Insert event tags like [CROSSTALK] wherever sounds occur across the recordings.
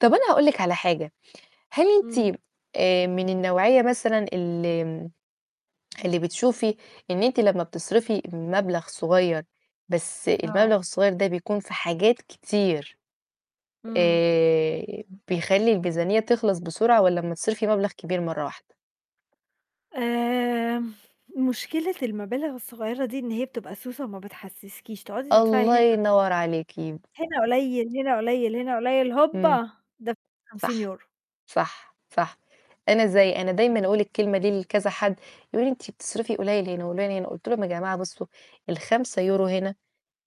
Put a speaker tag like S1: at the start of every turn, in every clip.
S1: طَب أنا هاقول لِك على حاجة، هل
S2: إمم.
S1: أنتِ آآ، من النوعية مثلًا ال اللي بتشوفي إن أنتِ لمّا بتصرِفي مبلغ صغيّر، بس
S2: آه.
S1: المبلغ الصغيّر ده بيكون في حاجات كتير،
S2: إمم.
S1: آآ، بيخلّي الميزانية تخلص بسرعة والَّا أمّا تصرِفي مبلغ كبير مرّه واحدة؟
S2: امم، مشكلة المبالغ الصغيّرة دي، إن هي بتبقى سوسة وما بتحسِّسكيش تقعدي تدفعي
S1: الله
S2: هنا
S1: ينور عليكِ.
S2: هنا قليّل، هنا قليّل، هنا قليّل
S1: امم،
S2: هوبّا دَفَعتِ خمسين
S1: صح،
S2: يورو.
S1: صح، صح، أنا زي أنا دايمًا أقول الكلمة دي لكذا حد يقول لي أنتِ بتصرفي قليل هنا وقليل هنا، قلت لهم: "يا جماعة بصُّوا، ال5€ هنا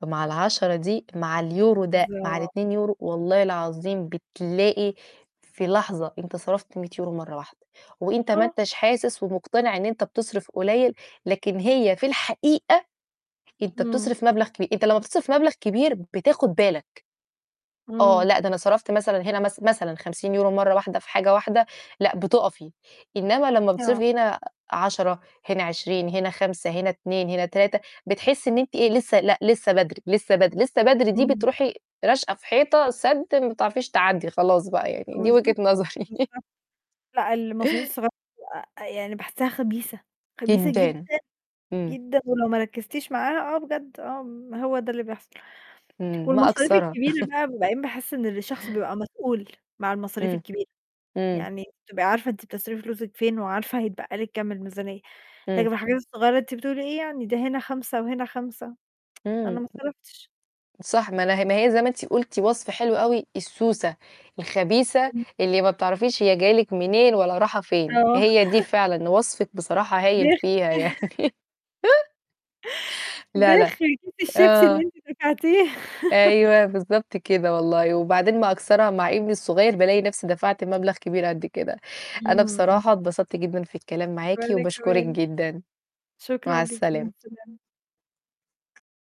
S1: مع ال10 دي مع اليورو ده مع
S2: بالضبط.
S1: ال2€ والله العظيم بتلاقي في لحظة أنت صرَفت 100€ مرّه واحدة، وأنت ما
S2: آه.
S1: أنتش حاسس ومقتنع إن أنت بتصرِف قليّل، لكن هي في الحقيقة، أنت
S2: إمم.
S1: بتصرف مبلغ كبير، أنت لمّا بتصرف مبلغ كبير بتاخد بالك. آه،
S2: إمم.
S1: لأ ده أنا صرَفت مثلًا هنا مث مثلًا 50€ مرّه واحدة في حاجة واحدة، لأ بتقَفي، إنّما لمّا
S2: آه.
S1: بتصرفي هنا 10 هنا 20 هنا 5 هنا 2 هنا 3 بتحسي إن أنتِ إيه؟ لسه لأ، لسه بدري لسه بدري لسه بدري، دي
S2: إمم.
S1: بترُوحي راشقة في حيطة سَدّ، ما بتعرفيش تعدّي خلاص بقى،
S2: [UNINTELLIGIBLE]
S1: يعني دي وجهة
S2: بالضبط،
S1: نظري." [LAUGHS]
S2: بالضبط، لأ المصاريف
S1: [CHUCKLES]
S2: الصغيرة آآ، يعني باحسها خبيثة، خبيثة جدًا،
S1: جدًا، امم.
S2: جدًا، ولو ما ركّزتيش معاها آه بجد، آه م هو ده اللي بيحصل،
S1: امم، ما
S2: والمصاريف
S1: أكثرها.
S2: الكبيرة
S1: [LAUGHS]
S2: بقى وبعدين باحس إن الشخص بيبقى مسؤول مع المصاريف
S1: امم،
S2: الكبيرة،
S1: امم.
S2: يعني تبقي عارفة إن أنتِ بتصرفي فلوسِك فين، وعارفة هيتبقى لِك كام الميزانية، لكن
S1: امم.
S2: الحاجات الصغيرة أنتِ بتقولي إيه يعني، ده هنا 5 وهنا 5 [TSK] أنا
S1: امم،
S2: ما صَرَفتِش.
S1: صح ما لا ما هي زي ما أنتِ قُلتِ وصف حلو أوي، السوسة، الخبيثة،
S2: امم.
S1: اللي ما بتعرفيش هي جاية لِك منين ولا رايحة فين،
S2: آه.
S1: هي دي
S2: [LAUGHS]
S1: فعلًا وصفِك بصراحة هايل
S2: بيخ
S1: فيها
S2: [LAUGHS]
S1: يعني. [LAUGHS] لا، لا،
S2: بخ! كيس الشيبسي اللي
S1: آه.
S2: أنتِ دفعتيه. [LAUGHS]
S1: أيوه، بالضبط كده، والله وبعدين ما أكثرها مع ابني الصغيّر بالاقي نفسي دَفَعْت مبلغ كبير قد كده، أنا
S2: امم.
S1: بصراحة اتبسطت جدًا في الكلام معاكِ
S2: وأنا
S1: وباشكرِك
S2: كمان.
S1: جدًا مع
S2: شكرًا ليكِ. مع
S1: السلامة.
S2: السلامة.